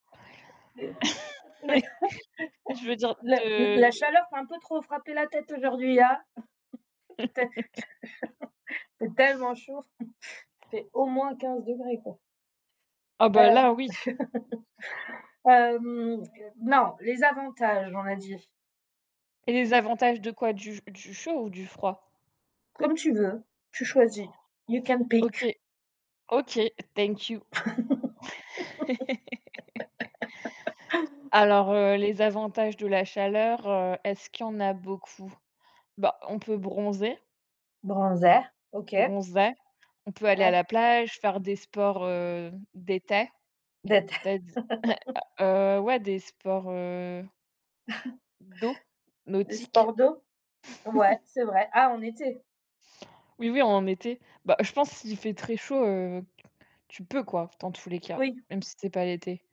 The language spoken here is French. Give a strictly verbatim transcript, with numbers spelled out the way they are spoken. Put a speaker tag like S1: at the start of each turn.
S1: Oui, tu veux dire
S2: La
S1: de, heu
S2: la chaleur t'a un peu trop frapper la tête aujourd'hui, hein. Tu as Il fait tellement chaud. Il fait au moins quinze degrés quoi.
S1: Ah bah,
S2: Heu,
S1: là, oui.
S2: hem, non, les avantages, on a dit.
S1: Et les avantages de quoi? Du du chaud, ou du froid?
S2: Comme tu veux, tu choisis. You can pick.
S1: OK. OK. Thank you. Alors, heu, les avantages de la chaleur, heu, est-ce qu'il y en a beaucoup? Ben, on peut bronzer
S2: Bronzé. OK.
S1: bronzer. On peut aller à
S2: Ah.
S1: la plage, faire des sports, heu, d'été,
S2: D'été
S1: c'est-à-di heu, ouais, des sports, heu d'eau,
S2: Des
S1: nautiques.
S2: sports d'eau? Ouais, c'est vrai. Ah, en été?
S1: Oui, oui, en été. Ben, je pense s'il fait très chaud, heu, q tu peux quoi, dans tous les cas,
S2: Oui.
S1: même si c'est pas l'été.